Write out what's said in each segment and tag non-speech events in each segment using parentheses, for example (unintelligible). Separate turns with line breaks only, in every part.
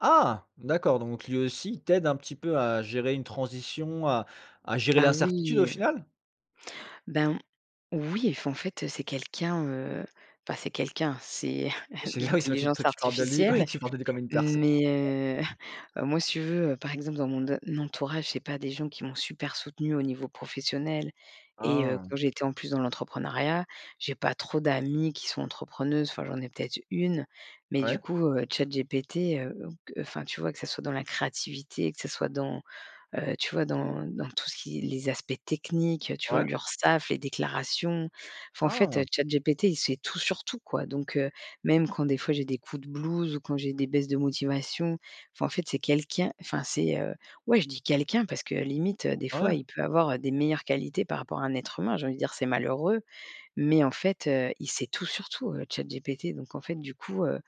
Ah d'accord donc lui aussi il t'aide un petit peu à gérer une transition, à à gérer
Ah
l'incertitude au
oui.
final?
Ben, oui, enfin, en fait, c'est quelqu'un, heu, enfin c'est quelqu'un, c'est
Oui
(chuckles)
c'est
de
ah oui, c'est tu t
l'intelligence
tu parles de lui, ouais,
artificielle.
tu parles de lui comme une personne.
Mais
D'accord.
heu, (chuckles) moi, si tu veux, par exemple, dans mon d entourage, j'ai pas des gens qui m'ont super soutenue au niveau professionnel et heu,
Ah.
quand j'étais en plus dans l'entrepreneuriat, j'ai pas trop d'amies qui sont entrepreneuses. Enfin, j'en ai peut être 1, mais du
Ouais.
coup, heu, ChatGPT, heu, donc q enfin, tu vois que ce soit dans la créativité, que ce soit dans, heu, tu vois, dans dans tout ce qui est les aspects techniques, tu vois,
Ouais.
l'Urssaf, les déclarations, enfin en fait,
Ah.
ChatGPT, il sait tout sur tout, quoi. Donc heu, même quand des fois j'ai des coups de blues ou quand j'ai des baisses de motivation, enfin, en fait c'est quelqu'un enfin c'est, heu, ouais, je dis: «Quelqu'un» parce que limite, heu, des
Ah
fois,
ouais?
il peut avoir des meilleures qualités par rapport à un être humain, j'ai envie dire c'est malheureux, mais en fait, heu, il sait tout sur tout, heu, ChatGPT. Donc en fait, du coup, heu,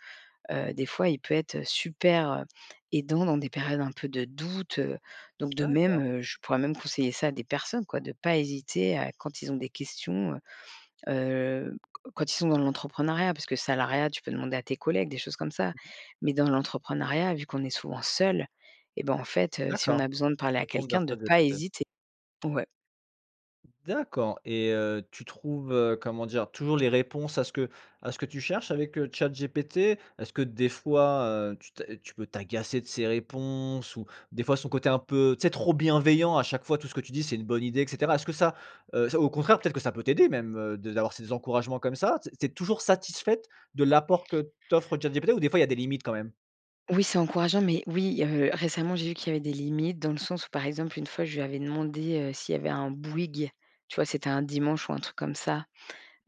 heu, des fois, il peut être super, heu, aidant dans des périodes un peu de doute, heu, donc de même,
D'accord.
heu, je pourrais même conseiller ça à des personnes, quoi. De pas hésiter à quand ils ont des questions, heu, heu, q quand ils sont dans l'entrepreneuriat. Parce que salariat, tu peux demander à tes collègues des choses comme ça
Mmh mh.
mais dans l'entrepreneuriat, vu qu'on est souvent seul et ben, en fait, heu, si on a
D'accord.
besoin de parler
Tu
à
te tournes vers
quelqu'un, de pas
ChatGPT.
hésiter. Ouais.
D'accord et heu, tu trouves, heu, comment dire? Toujours les réponses à ce que à ce que tu cherches avec, heu, ChatGPT? Est-ce que des fois, heu, tu t'a tu peux t'agacer de ses réponses ou des fois son côté un peu, tu sais, trop bienveillant, à chaque fois, tout ce que tu dis c'est une bonne idée et cetera? Est-ce que ça, heu, ça, au contraire, peut-être que ça peut t'aider même de d'avoir ces encouragements comme ça? Tu es tu es toujours satisfaite de l'apport que t'offre ChatGPT ou des fois il y a des limites quand même?
Oui, c'est encourageant, mais oui, heu, récemment, j'ai vu qu'il y avait des limites dans le sens où, par exemple, une fois, je lui avais demandé, heu, s'il y avait un Bouygues, tu vois, c'était un dimanche ou un truc comme ça,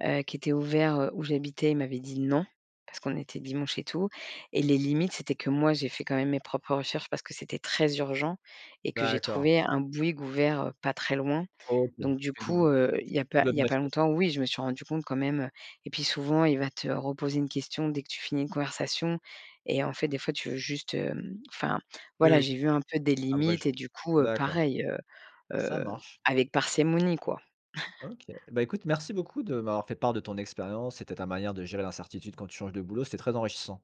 heu, qui était ouvert, heu, où j'habitais. Il m'avait dit: «Non» parce qu'on était dimanche et tout. Et les limites, c'était que moi, j'ai fait quand même mes propres recherches parce que c'était très urgent et que j'ai
D'accord.
trouvé un Bouygues ouvert, heu, pas très loin.
OK. Tu
Donc du
fais du
coup,
bi
heu, il y a pas il
(unintelligible)
y
de
a
la
pas
citation.
longtemps, oui, je me suis rendue compte quand même, heu et puis souvent, il va te reposer une question dès que tu finis une conversation et en fait, des fois, tu veux juste, hem enfin
Oui,
voilà,
oui j
j'ai vu un peu des limites
abrège.
et du coup, heu,
D'accord.
pareil, heu,
Ça
heu,
marche.
avec parcimonie, quoi. (chuckles)
OK, eh bah, écoute, merci beaucoup de m'avoir fait part de ton expérience. C'était ta manière de gérer l'incertitude quand tu changes de boulot, c'était très enrichissant.